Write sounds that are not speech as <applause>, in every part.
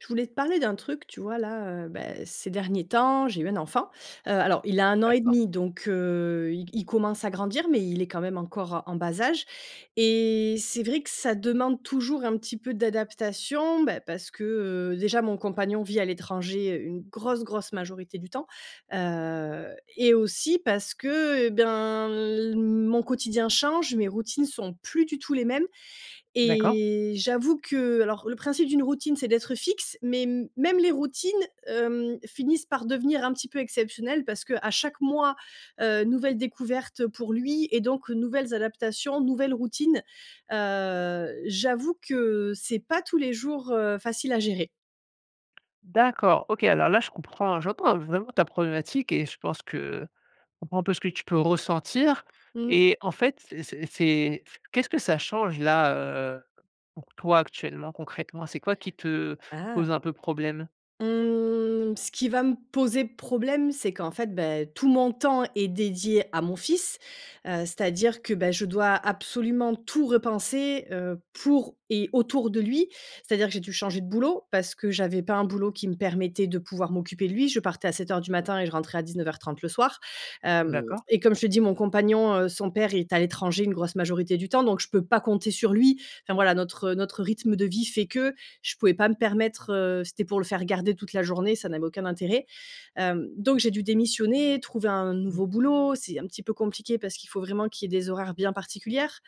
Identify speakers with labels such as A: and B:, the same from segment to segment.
A: Je voulais te parler d'un truc. Tu vois là, heu, bah, ces derniers temps, j'ai eu un enfant. Heu, alors il a 1 an et
B: D'accord.
A: demi donc, heu, i il commence à grandir, mais il est quand même encore en bas âge et c'est vrai que ça demande toujours un petit peu d'adaptation, bah, parce que, heu, déjà mon compagnon vit à l'étranger une grosse, grosse majorité du temps. Heu, et aussi parce que, heu, et ben, l mon quotidien change, mes routines sont plus du tout les mêmes
B: D'accord.
A: et j'avoue que alors, le principe d'une routine c'est d'être fixe mais, même les routines, hem, finissent par devenir un petit peu exceptionnelles, parce que à chaque mois, heu, nouvelle découverte pour lui et donc nouvelles adaptations, nouvelles routines. Heu, j'avoue que, c'est pas tous les jours, heu, facile à gérer.
B: D'accord. OK, alors là je comprends hein. J'entends, vraiment ta problématique et je pense que je comprend un peu ce que tu peux ressentir.
A: Mmh.
B: Et, en fait, c'est c c'est qu'est-ce que ça change là, heu pour toi actuellement, concrètement? C'est quoi qui te
A: Ah!
B: pose un peu problème?
A: Mmh, ce qui va me poser problème, c'est qu'en fait, bah, tout mon temps est dédié à mon fils, heu, c'est-à-dire que, bah, je dois absolument tout repenser, heu, pour et autour de lui. C'est-à-dire que j'ai dû changer de boulot, parce que j'avais pas un boulot qui me permettait de pouvoir m'occuper de lui. Je partais à 07:00 du matin et je rentrais à 19:30 le soir. Hem,
B: D'accord.
A: et comme je te dit mon compagnon, heu, son père, est à l'étranger une grosse majorité du temps, donc je peux pas compter sur lui, enfin voilà. Notre notre rythme de vie fait que, je pouvais pas me permettre heu, si c'était pour le faire garder toute la journée, ça n'avait aucun intérêt. Hem, donc j'ai dû démissionner, trouver un
B: Mmh.
A: nouveau boulot, c'est un petit peu compliqué parce qu'il faut vraiment qu'il y ait des horaires bien particulières,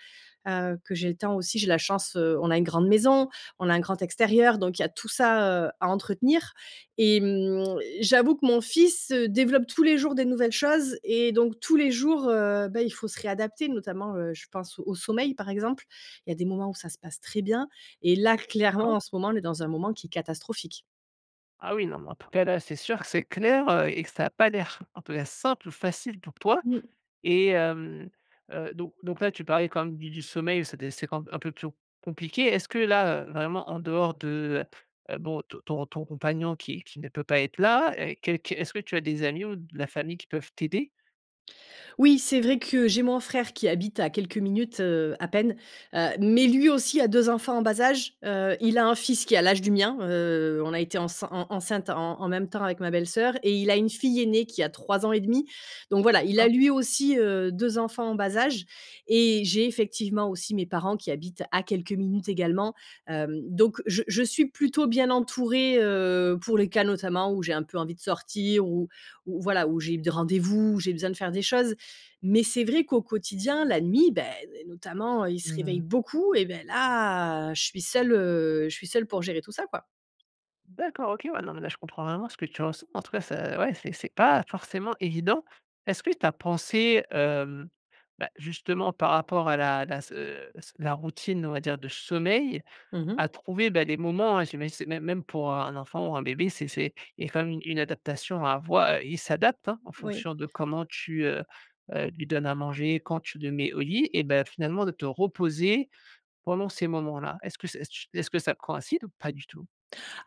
A: heu, que j'ai le temps aussi j'ai la chance heu on a une grande maison, on a un grand extérieur. Donc il y a tout ça, heu, à entretenir. Et mmh, j'avoue que mon fils, heu, développe tous les jours des nouvelles choses et donc tous les jours, heu, bah, il faut se réadapter. Notamment, heu, je pense au sommeil, par exemple. Il y a des moments où ça se passe très bien et là, clairement,
B: D'accord.
A: en ce moment, on est dans un moment qui est catastrophique.
B: Ah oui, non, mais en tout cas, là, c'est sûr que c'est clair, heu, et que ça a pas l'air en tout cas, simple ou facile pour toi.
A: Mmh.
B: Et, hem heu, donc donc là, tu parlais quand même du du sommeil, c'est des c'est quand un peu pio compliqué. Est-ce que là, heu, vraiment, en dehors de, heu, heu, bon, ton ton compagnon qui qui ne peut pas être là, et qu qu est-ce que tu as des amis ou de la famille qui peuvent t'aider?
A: Oui, c'est vrai que j'ai mon frère qui habite à quelques minutes, heu, à peine. Heu, mais lui aussi a 2 enfants en bas âge, heu, il a un fils qui a l'âge du mien. Heu, on a été encein en enceinte en en même temps avec ma belle-soeur, et il a une fille aînée qui a 3 et 1/2. Donc voilà, il a
B: D'accord.
A: lui aussi, heu, 2 enfants en bas âge et j'ai effectivement aussi mes parents qui habitent à quelques minutes également. Hem, donc je je suis plutôt bien entourée, heu, pour les cas notamment où j'ai un peu envie de sortir ou ou voilà, ou j'ai des rendez-vous ou j'ai besoin de faire des choses. Mais c'est vrai qu'au quotidien, la nuit, bah, notamment, ils se
B: Mmh
A: réveillent
B: mh.
A: beaucoup et beh là, je suis seule, heu, je suis seule pour gérer tout ça, quoi.
B: D'accord, OK. Ouais, non mais là, je comprends vraiment ce que tu ressens. En tout cas, ça ouais c'est c'est pas forcément évident. Est ce que tu as pensé, hem, bah justement, par rapport à la la se la routine, on va dire de sommeil,
A: Mmh mh.
B: à trouver, bah, des moments, j'imagine c'est même même pour un enfant ou un bébé, c'est, c'est il y a quand même une une adaptation à avoi il s'adaptent hein, en
A: Oui.
B: fonction de comment tu, heu, heu, lui donnes à manger, quand tu le mets au lit, et bah, finalement de te reposer pendant ces moments là. Est-ce que ça ch est-ce que ça coïncide ou pas du tout?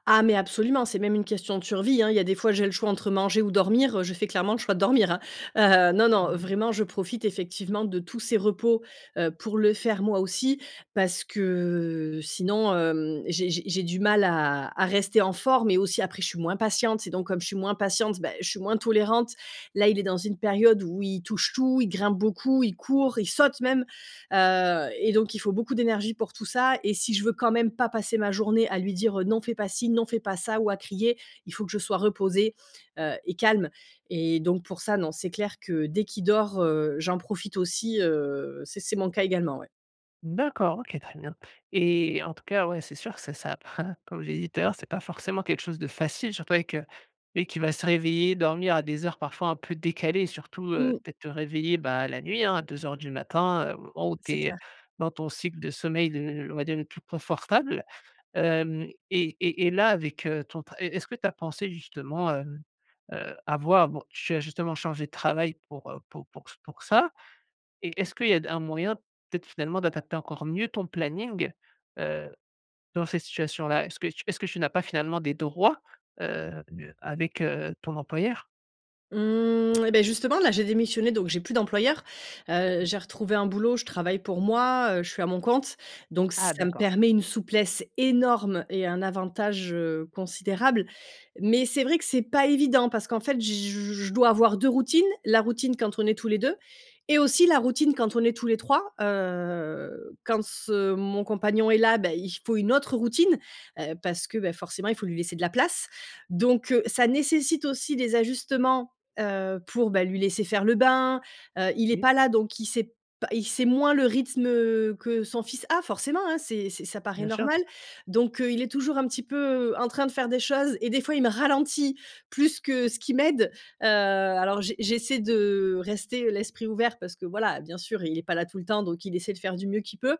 A: Ah mais absolument! C'est même une question de survie, hein, il y a des fois j'ai le choix entre manger ou dormir, heu, je fais clairement le choix de dormir, hein. Heu, non, non,
B: Mmh mh.
A: vraiment, je profite effectivement de tous ses repos, heu, pour le faire moi aussi, parce que sinon, hem, j'ai j'ai j'ai du mal à à rester en forme et aussi après je suis moins patiente et donc comme je suis moins patiente, bah, je suis moins tolérante. Là il est dans une période où il touche tout, il grimpe beaucoup, il court, il saute même. Heu et donc il faut beaucoup d'énergie pour tout ça et si je veux quand même pas passer ma journée à lui dire, heu: «Non fait pas ci, non fait pas ça.» ou à crier, il faut que je sois reposée, heu, et calme. Et donc pour ça, non, c'est clair que dès qu'il dort, heu, j'en profite aussi, heu, c'est c'est mon cas également ouais.
B: D'accord, OK. Très bien! Et en tout cas, ouais, c'est sûr, c'est ça, <chuckles> comme j'ai dis tout à l'heure, c'est pas forcément quelque chose de facile. Surtout avec, heu, lui qui va se réveiller, dormir à des heures parfois un peu décalées, et surtout, heu,
A: Mmh.
B: peut être te réveiller, bah la nuit hein, à 02:00 du matin, heu, au o tu
A: C'est
B: es
A: clair.
B: dans ton cycle de sommeil, le l on va dire le plus confortable. Hem et et et là, avec, heu, ton tra est est-ce que tu as pensé justement, heu, heu, à voir, bon, tu as justement changé de travail pour, heu, pour pour ç pour ça et est-ce qu'il y a d un moyen, peut-être finalement d'adapter encore mieux ton planning, heu, dans cette situation là? Est-ce que tu est-ce que tu n'as pas finalement des droits, heu, avec ton, heu, employeur?
A: Mmh et beh justement là j'ai démissionné! Donc j'ai plus d'employeur. Heu, j'ai
B: OK.
A: retrouvé un boulot, je travaille pour moi, heu, je suis à mon compte. Donc
B: Ah
A: ça me
B: d'accord.
A: permet une souplesse énorme et un avantage, heu, considérable. Mais c'est vrai que, c'est pas évident, parce qu'en fait j je dois avoir 2 routines: la routine quand on est tous les 2 et aussi la routine quand on est tous les 3. Heu, quand ce mon compagnon est là, bah, il faut une autre routine, heu, parce que, bah, forcément il faut lui laisser de la place! Donc, heu, ça nécessite aussi des ajustements, heu, pour, bah lui laisser faire le bain, heu, il est
B: Oui.
A: pas là donc il sait p il sait moins le rythme, heu, que son fils a forcément, hein, c'est c'est ça paraît
B: Bien sûr.
A: normal. Donc, heu, il est toujours un petit peu en train de faire des choses et des fois il me ralentit plus que ce qu'il m'aide. Heu, alors j j'essaie de rester l'esprit ouvert parce que voilà, bien sûr, il est pas là tout le temps, donc il essaie de faire du mieux qu'il peut.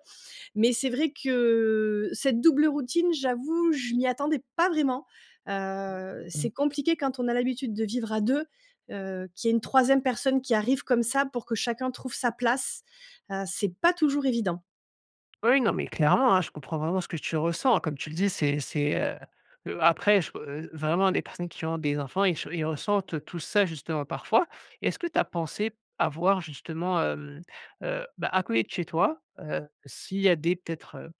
A: Mais c'est vrai que cette double routine, j'avoue, je m'y attendais pas vraiment. Heu, c'est
B: Mmh.
A: compliqué quand on a l'habitude de vivre à 2, heu, qu'il y ait une 3ème personne qui arrive comme ça. Pour que chacun trouve sa place, heu, c'est pas toujours évident.
B: Oui, non, mais clairement, hein, je comprends vraiment ce que tu ressens. Comme tu le dis, c'est c'est heu, heu, après je peu vraiment les personnes qui ont des enfants et ils ch ils ressentent, heu, tous ça justement, parfois. Est-ce que t'as pensé à voir justement, hem, heu, bah à côté de chez toi, heu, s'il y a des, peut-être, heu,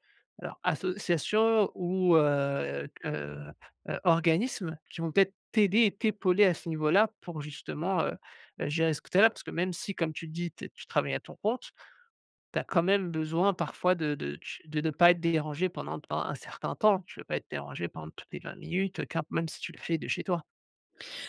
B: alors associations ou heu, heu, heu, organismes, qui vont peut-être t'aider et t'épauler à ce niveau-là, pour justement heu, heu, gérer ce côté-là. Parce que même si comme tu le dis, te tu travailles à ton compte, tu as quand même besoin parfois de de ch de pas être dérangée pendant pendant un certain temps. Tu veux pas être dérangée pend toutes les 20 minutes, car même si tu le fais de chez toi.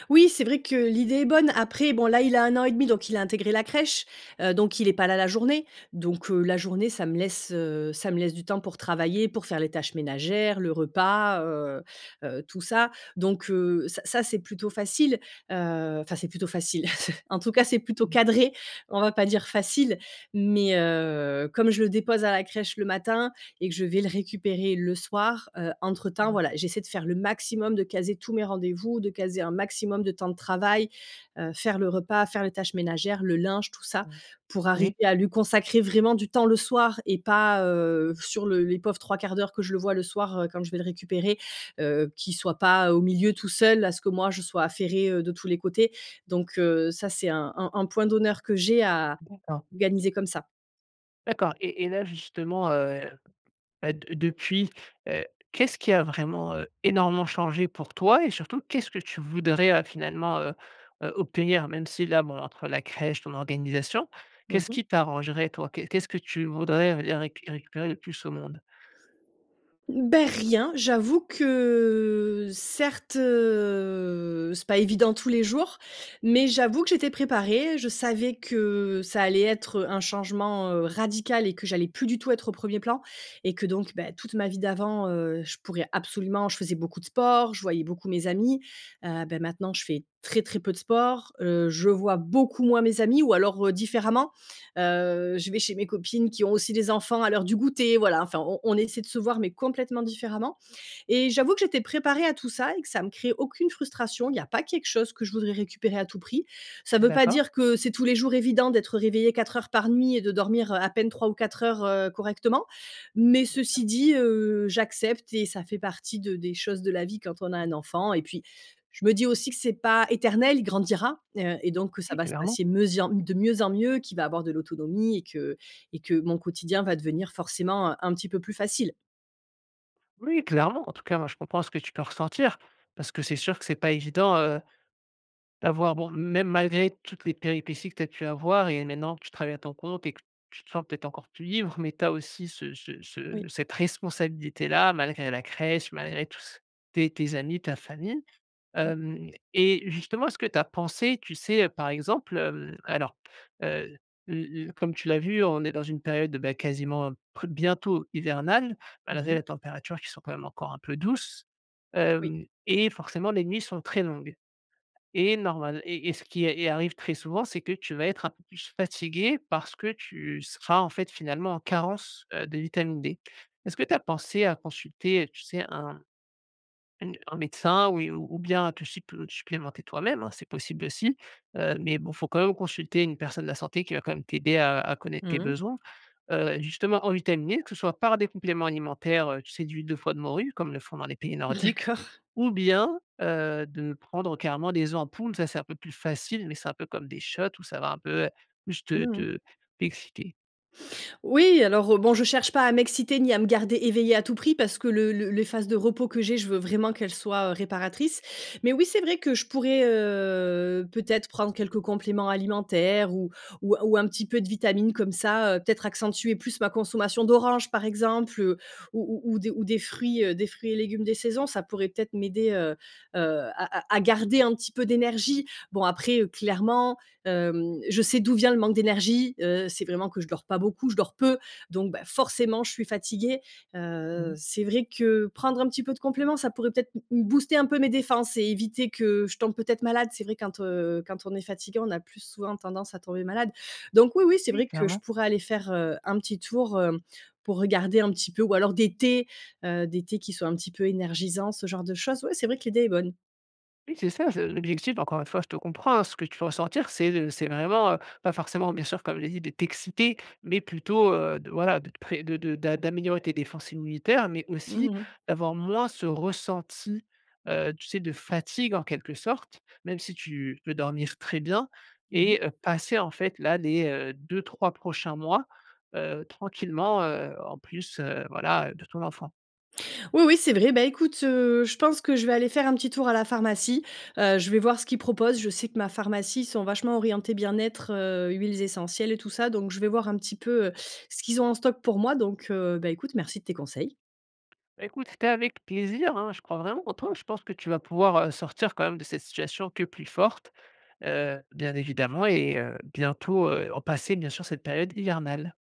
A: Oui, c'est vrai que l'idée est bonne. Après bon, là, il a 1 an et demi donc il a intégré la crèche. Heu, donc il est pas là la journée, donc, heu, la journée ça me laisse, heu, ça me laisse du temps pour travailler, pour faire les tâches ménagères, le repas heu, heu, tout ça. Donc, heu, ça ça, c'est plutôt facile, heu, enfin, c'est plutôt facile <chuckles> en tout cas, c'est plutôt
B: Mmh.
A: cadré, on va pas dire facile. Mais, heu, comme je le dépose à la crèche le matin et que je vais le récupérer le soir, heu, entre-temps
B: Ma
A: voilà, j'essaie de faire le maximum, de caser tous mes rendez-vous, de caser un maximum de temps de travail, heu, faire le repas, faire les tâches ménagères, le linge, tout ça,
B: Mmh.
A: pour arriver
B: Oui.
A: à lui consacrer vraiment du temps le soir, et pas, heu, sur le les pauvres 3/4 d'heure que je le vois le soir, heu, quand je vais le récupérer. Heu, qu'il soit pas au milieu tout seul à ce que moi, je sois affairée, heu, de tous les côtés. Donc, heu, ça, c'est un un un point d'honneur que j'ai, à
B: D'accord.
A: organiser comme ça.
B: D'accord. Et et là, justement, heu, bah, de depuis, heu, qu'est-ce qui a vraiment, heu, énormément changé pour toi et surtout, qu'est-ce que tu voudrais, heu, finalement, heu, heu, obtenir? Même si là, bon entre la crèche, ton organisation
A: Mmh
B: qu'est-ce
A: mh.
B: qui t'arrangerait toi, qu'est qu'est-ce que tu voudrais et réc récupérer le plus au monde?
A: Bah rien, j'avoue que certes, heu, c'est pas évident tous les jours, mais j'avoue que j'étais préparée, je savais que ça allait être, heu, un changement, heu, radical et que j'allais plus du tout être au premier plan et que donc, bah, toute ma vie d'avant, heu, je pourrais absolument je faisais beaucoup de sport, je voyais beaucoup mes amis, heu, bah, maintenant je fais très, très peu de sport, heu, je vois beaucoup moins mes amis, ou alors, heu, différemment. Heu, je vais chez mes copines qui ont aussi des enfants à l'heure du goûter, voilà. Enfin on on essaie de se voir mais complètement différemment. Et j'avoue que j'étais préparée à tout ça et que ça me crée aucune frustration. Il y a pas quelque chose que je voudrais récupérer à tout prix. Ça veut pas
B: D'accord.
A: dire que c'est tous les jours évident d'être réveillé 4 heures par nuit et de dormir, heu, à peine 3 ou 4 heures, heu, correctement. Mais
B: Bien sûr.
A: ceci dit, heu, j'accepte et ça fait partie de des choses de la vie, quand on a un
B: Mmh.
A: enfant et puis je me dis aussi que c'est pas éternel, il grandira. Heu, et donc que ça
B: Oui,
A: va se
B: clairement.
A: passer me zien de mieux en mieux, qu'il va avoir de l'autonomie et que et que mon quotidien va devenir forcément, heu, un petit peu plus facile.
B: Oui, clairement! En tout cas moi, je comprends ce que tu peux ressentir. Parce que c'est sûr que c'est pas évident, heu, d'avoir bon même malgré toutes les péripéties que tu as pu avoir et maintenant que tu travailles à ton compte et que tu te sens peut-être encore plus libre. Mais tu as aussi ce ce
A: Oui.
B: ce cette responsabilité là, malgré la crèche, malgré tous s tes tes amis, ta famille.
A: Mmh.
B: Hem et justement est-ce que tu as pensé tu sais, heu, par exemple, hem alors, heu, l l comme tu l'as vu, on est dans une période, bah, quasiment bientôt hivernale, malgré
A: Moui.
B: les températures qui sont quand même encore un peu douces,
A: Oui.
B: hem, et forcément les nuits sont très longues et normal et et ce qui est est arrive très souvent, c'est que tu vas être un peu plus fatiguée, parce que tu seras en fait finalement en carence, heu, de vitamine D. Est-ce que t'as pensé à consulter, heu, tu sais, un une un médecin ou il ou bien à te supl supplémenter toi-même, hein, c'est possible aussi. Heu, mais bon, faut quand même consulter une personne de la santé qui va quand même t'aider à à connaître tes
A: Mmh mh.
B: besoins. Heu, justement en vitaminé, que ce soit par des compléments alimentaires, heu, tu sais d'huile de foie de morue comme ils le font dans les pays nordiques
A: D'accord.
B: ou bien, heu, de ne prendre carrément des ampoules, ça c'est un peu plus facile, mais c'est un peu comme des shots ou ça va un peu, heu, plus te
A: Mmh mh.
B: te t'exciter.
A: Oui alors, heu, bon, je cherche pas à m'exciter ni à me garder éveillée à tout prix, parce que le le les phases de repos que j'ai, je veux vraiment qu'elles soient, heu, réparatrices. Mais oui, c'est vrai que je pourrais heu, peut-être prendre quelques compléments alimentaires ou ou ou un petit peu de vitamines comme ça, heu. Peut-être accentuer plus ma consommation d'oranges par exemple, heu, ou ou ou des ou des fruits, heu, des fruits et légumes des saisons. Ça pourrait peut-être m'aider, heu, heu, à à à garder un petit peu d'énergie. Bon, après, heu, clairement, hem, je sais d'où vient le manque d'énergie. Heu, c'est vraiment que je dors pas beaucoup. Je dors peu, donc bah forcément je suis fatiguée. Heu,
B: Mmh.
A: c'est vrai que prendre un petit peu de compléments, ça pourrait peut-être m m booster un peu mes défenses et éviter que je tombe peut-être malade. C'est vrai, quand, heu, quand on est fatigué, on a plus souvent tendance à tomber malade. Donc oui, oui, c'est
B: Oui,
A: vrai que je
B: clairement.
A: pourrais aller faire, heu, un petit tour, heu, pour regarder un petit peu ou alors des thés, heu, des thés qui sont un petit peu énergisants, ce genre de choses. Ouais, c'est vrai que l'idée est bonne.
B: Oui, c'est ça, c'est l'objectif, encore une fois, je te comprends, hein. Ce que tu peux ressentir, c'est, heu, c'est vraiment heu, pas forcément, bien sûr, comme je l'ai dit, de t'exciter, mais plutôt, heu, de voilà, de te pré de de d'a d'améliorer tes défenses immunitaires. Mais
A: Mmh
B: aussi
A: mh.
B: d'avoir moins ce ressenti, heu, tu sais, de fatigue en quelque sorte. Même si tu peux dormir très bien
A: Mmh mh.
B: et heu, passer en fait, là, les, heu, 2-3 prochains mois, heu, tranquillement, heu, en plus, heu, voilà heu, de ton enfant.
A: Oui, oui, c'est vrai. Bah écoute, heu, je pense que je vais aller faire un petit tour à la pharmacie. Heu, je vais voir ce qu'ils proposent. Je sais que ma pharmacie, ils sont vachement orientés bien-être, heu, huiles essentielles et tout ça, donc je vais voir un petit peu, heu, ce qu'ils ont en stock pour moi. Donc, heu, bah écoute, merci de tes conseils.
B: Bah, écoute, c'était avec plaisir, hein, je crois vraiment en toi! Je pense que tu vas pouvoir, heu, sortir quand même de cette situation que plus forte, heu, bien évidemment. Et, heu, bientôt heu, passer bien sûr cette période hivernale.